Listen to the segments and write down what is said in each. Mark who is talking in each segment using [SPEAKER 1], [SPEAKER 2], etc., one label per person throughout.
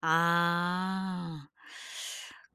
[SPEAKER 1] 아.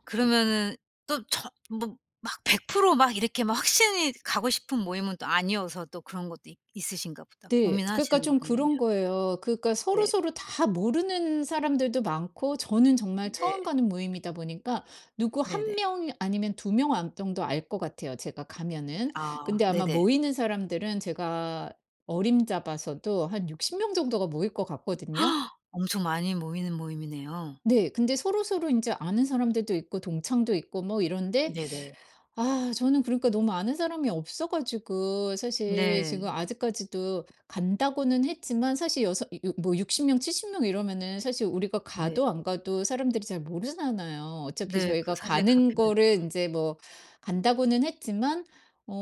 [SPEAKER 1] 그러면은 또 저 뭐 막 100% 막 이렇게 막 확실히 가고 싶은 모임은 또 아니어서 또 그런 것도 있 있으신가 보다.
[SPEAKER 2] 네. 그러니까
[SPEAKER 1] 고민하시는 거
[SPEAKER 2] 좀
[SPEAKER 1] 보면요.
[SPEAKER 2] 그런 거예요. 그러니까
[SPEAKER 1] 네.
[SPEAKER 2] 서로서로 다 모르는 사람들도 많고 저는 정말 처음
[SPEAKER 1] 네
[SPEAKER 2] 가는 모임이다 보니까 누구 1
[SPEAKER 1] 네네.
[SPEAKER 2] 명 아니면 2 명 안 정도 알 것 같아요, 제가 가면은.
[SPEAKER 1] 아
[SPEAKER 2] 근데 아마
[SPEAKER 1] 네네.
[SPEAKER 2] 모이는 사람들은 제가 어림잡아서도 한 60 명 정도가 모일 것 같거든요.
[SPEAKER 1] 엄청 많이 모이는 모임이네요.
[SPEAKER 2] 네. 근데 서로서로 인제 아는 사람들도 있고 동창도 있고 뭐 이런데
[SPEAKER 1] 네네.
[SPEAKER 2] 아 저는 그러니까 너무 아는 사람이 없어 가지고 사실 지금
[SPEAKER 1] 네.
[SPEAKER 2] 아직까지도 간다고는 했지만 사실 여서 이 어 뭐 60 명 70 명 이러면은 사실 우리가
[SPEAKER 1] 네.
[SPEAKER 2] 가도 안 가도 사람들이 잘 모르잖아요. 어차피
[SPEAKER 1] 네. 그
[SPEAKER 2] 저희가
[SPEAKER 1] 사실
[SPEAKER 2] 가는
[SPEAKER 1] 그렇긴 해요.
[SPEAKER 2] 거를 인제 뭐 간다고는 했지만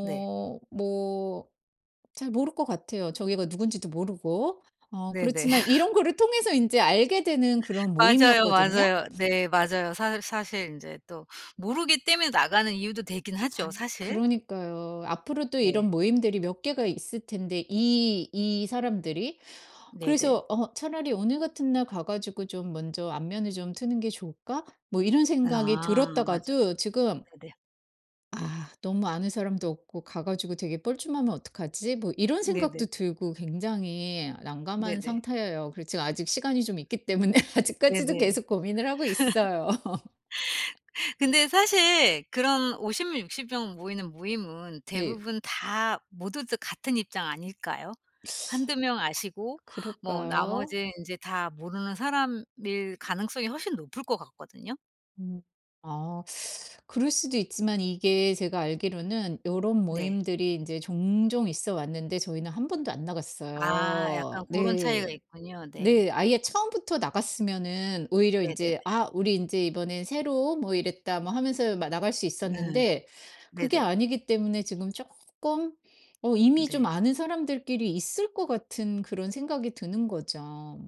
[SPEAKER 1] 네.
[SPEAKER 2] 뭐 잘 모를 것 같아요. 저기가 누군지도 모르고. 어
[SPEAKER 1] 네네.
[SPEAKER 2] 그렇지만 이런 거를 통해서 이제 알게 되는 그런
[SPEAKER 1] 맞아요,
[SPEAKER 2] 모임이었거든요.
[SPEAKER 1] 맞아요. 네 맞아요. 사 사실 이제 또 모르기 때문에 나가는 이유도 되긴 하죠
[SPEAKER 2] 아
[SPEAKER 1] 사실.
[SPEAKER 2] 그러니까요. 앞으로도
[SPEAKER 1] 네.
[SPEAKER 2] 이런 모임들이 몇 개가 있을 텐데 이, 이 사람들이.
[SPEAKER 1] 네네.
[SPEAKER 2] 그래서 어 '차라리 오늘 같은 날 가 가지고 좀 먼저 안면을 좀 트는 게 좋을까?' 뭐 이런 생각이
[SPEAKER 1] 아 맞아요.
[SPEAKER 2] 들었다가도 지금
[SPEAKER 1] 네네.
[SPEAKER 2] '아 너무 아는 사람도 없고 가 가지고 되게 뻘쭘하면 어떡하지?' 뭐 이런
[SPEAKER 1] 네네.
[SPEAKER 2] 생각도 들고 굉장히 난감한
[SPEAKER 1] 네네.
[SPEAKER 2] 상태예요. 그리고 지금 아직 시간이 좀 있기 때문에 아직까지도
[SPEAKER 1] 네네.
[SPEAKER 2] 계속 고민을 하고 있어요.
[SPEAKER 1] 근데 사실 그런 50 명 60 명 모이는 모임은
[SPEAKER 2] 네.
[SPEAKER 1] 대부분 다 모두들 같은 입장 아닐까요? 1-2 명 아시고 뭐
[SPEAKER 2] 그럴까요?
[SPEAKER 1] 나머지 이제 다 모르는 사람일 가능성이 훨씬 높을 것 같거든요.
[SPEAKER 2] 음 아 그럴 수도 있지만 이게 제가 알기로는 요론
[SPEAKER 1] 네.
[SPEAKER 2] 모임들이 이제 종종 있어 왔는데 저희는 1 번도 안
[SPEAKER 1] 아
[SPEAKER 2] 나갔어요.
[SPEAKER 1] 약간 고런 차이가
[SPEAKER 2] 네.
[SPEAKER 1] 있군요. 네.
[SPEAKER 2] 네 아예 처음부터 나갔으면은 오히려
[SPEAKER 1] 네네네.
[SPEAKER 2] 인제 "아 우리 인제 이번에 새로 온 뭐 이랬다." 뭐 하면서 마 나갈 수
[SPEAKER 1] 음.
[SPEAKER 2] 있었는데 그게
[SPEAKER 1] 네네.
[SPEAKER 2] 아니기 때문에 지금 쪼끔 어 이미 좀
[SPEAKER 1] 네.
[SPEAKER 2] 아는 사람들끼리 있을 것 같은 그런 생각이 드는 거죠.